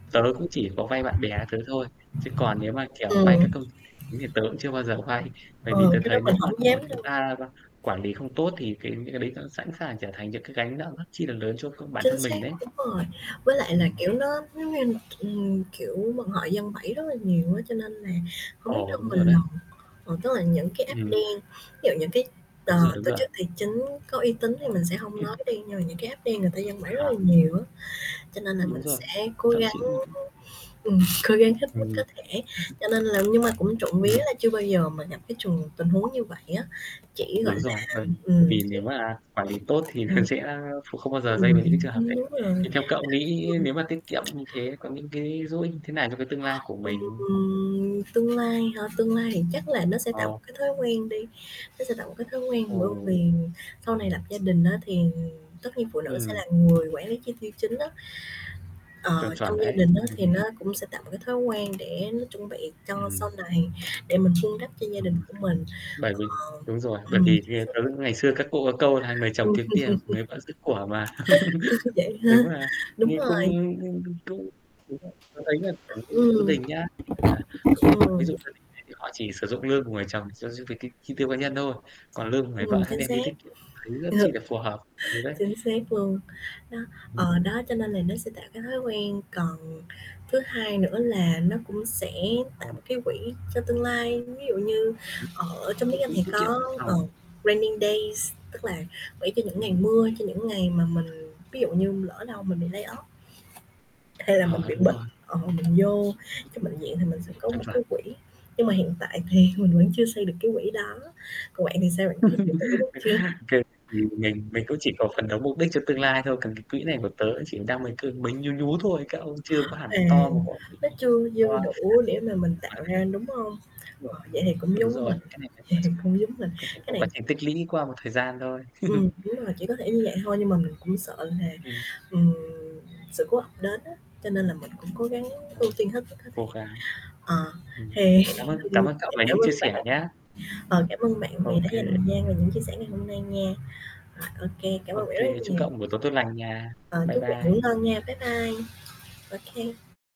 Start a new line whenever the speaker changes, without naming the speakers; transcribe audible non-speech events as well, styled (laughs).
Tớ cũng chỉ có vay bạn bè tớ thôi, chứ còn nếu mà, kiểu, vay các
Ừm.
công ty tài chính thì tớ cũng chưa bao giờ vay. Bởi vì
Ừ,
tớ
cái đó
thấy
mình
nếu mà,
hổng
kiểu,
dám
chúng
đâu.
ta qu quản lý không tốt thì cái những cái đấy nó sẵn sàng trở thành những cái gánh nặng rất chi là lớn cho c bản
Chính
thân
xác,
mình đấy.
đúng rồi, với lại là,
Ừm.
kiểu, nó giống như, ừm, kiểu, mà họ giăng bẫy rất là nhiều á, cho nên là hổng biết
Ồ,
đâu
đúng
mà
rồi
lần.
đấy.
Ờ, tức là những cái app
Ừm.
đen, ví dụ những cái, ờ,
Đúng rồi, đúng
tổ
rồi.
chức tài chính có uy tín thì mình sẽ hông nói đi,
(unintelligible)
nhưng mà những cái app đen người ta giăng bẫy rất
Hả?
là nhiều á, cho nên là
Đúng
mình
rồi,
sẽ cố
thậm
gắng
chí những
ừm, cố gắng hết mức
Ừm.
có
(chuckles)
thể, cho nên là nhưng mà cũng trộm vía
Ừm,
là chưa bao giờ mà gặp cái trường tình huống như vậy á, chỉ, gọi
Đúng
là
rồi. Vâng, bởi
ừm
vì nếu mà quản lý tốt thì
(unintelligible)
nó
ừm.
sẽ kh không bao giờ dây
Ừm
vào những cái trường
(unintelligible)
hợp đấy.
đúng rồi.
Thì theo cậu nghĩ nếu mà tiết kiệm
(unintelligible)
như thế có những cái dỗ ích như thế nào cho cái tương lai của
Ừm,
mình?
ừm, tương lai hả, tương lai thì chắc là nó sẽ tạo một
Ờ.
cái thói quen đi, nó sẽ tạo một cái thói quen bởi vì
Ồ.
sau này lập gia đình á thì tất nhiên phụ nữ sẽ
Ừm.
là người quản lý chi tiêu chính á,
Chuẩn,
ờ, trong
chuẩn
gia
đấy.
đình á thì nó
(chuckles)
cũng sẽ tạo một cái thói quen để nó chuẩn bị cho sau
Ừm.
này, để mình vun đắp cho gia đình
Ừm.
của mình
Bởi vì
ờ.
đúng rồi, bởi
Ừm,
vì
chính
theo tớ,
xác.
ngày xưa các cụ có câu là "Người chồng
Ừm.
kiếm tiền, người vợ giữ của" mà,
(chuckles)
(chuckles)
Vậy ha,
nếu mà
đúng
như cũng
rồi.
cũng đúng rồi. Tớ thấy là bản thân gia
Ừm.
đình nhá, à,
Ừm.
ví dụ gia đình ấy thì họ chỉ sử dụng lương của người chồng cho gi về cái chi tiêu cá nhân thôi, còn lương của người
Ừm,
vợ hả
chính
đem
xác.
đi tiết kiệm, thấy rất chi
(unintelligible)
là phù hợp thứ đấy.
Chính xác luôn, đó, ờ, đó cho nên
(unintelligible)
là nó sẽ tạo cái thói quen, còn thứ hai nữa là nó cũng sẽ tạo
Ờ.
một cái quỹ cho tương lai. Ví dụ như
Đúng,
ở trong
có
tiếng Anh
quỹ
thì
tiết kiệm dự
có, ờ,
phòng.
raining days, tức là quỹ cho những ngày
Ừm.
mưa, cho những ngày mà mình, ví dụ như, lỡ đâu mình bị lay off. Hay là mình
Ờ,
bị
đúng
bệnh,
rồi.
ờ, mình vô trong bệnh viện thì mình sẽ
(unintelligible)
có
Chuẩn,
một
chuẩn.
cái quỹ, nhưng mà hiện tại thì mình vẫn chưa xây được cái quỹ đó, còn bạn thì sao, bạn có cái quỹ đó chưa?
(laughs) Ô kê, thì mình mình cũng chỉ có phấn đấu mục đích cho tương lai thôi, còn cái quỹ này của tớ chỉ đang mới cứ mới nhú nhú thôi, các ông chưa có hẳn
À,
to một (unintelligible)
nó chưa dư đủ để mà mình tạo ra, đúng hông?
Rồi.
Ờ, vậy thì cũng
Đúng
giống
rồi,
mình
cái này có
vậy
quá
thì
trình
cũng giống mình,
cái này
cái
có
này
quá trình tích lũy qua một thời gian thôi.
Ừm,
(chuckles)
đúng rồi, chỉ có thể như vậy thôi, nhưng mà mình cũng sợ là,
Ừm
ừm, sự cố ập đến á, cho nên là mình cũng cố gắng ưu
(unintelligible)
tiên hết mức có thể.
Cố gắng.
Ờ,
Ừm,
thì,
cảm ơn cảm
ừm,
ơn cậu về
cảm
những
ơn
chia sẻ
bạn,
nhá.
ờ,
(unintelligible)
cảm ơn bạn vì
Ô
đã
kê.
dành thời gian và những chia sẻ ngày hôm nay nha. Rồi, ô kê, cảm
Ô
ơn bạn rất
kê,
là
chúc
nhiều.
cậu một buổi tối tốt lành nha.
Ờ,
Bye
chúc bạn ngủ
bye.
ngon nha. Bye bye, ô kê.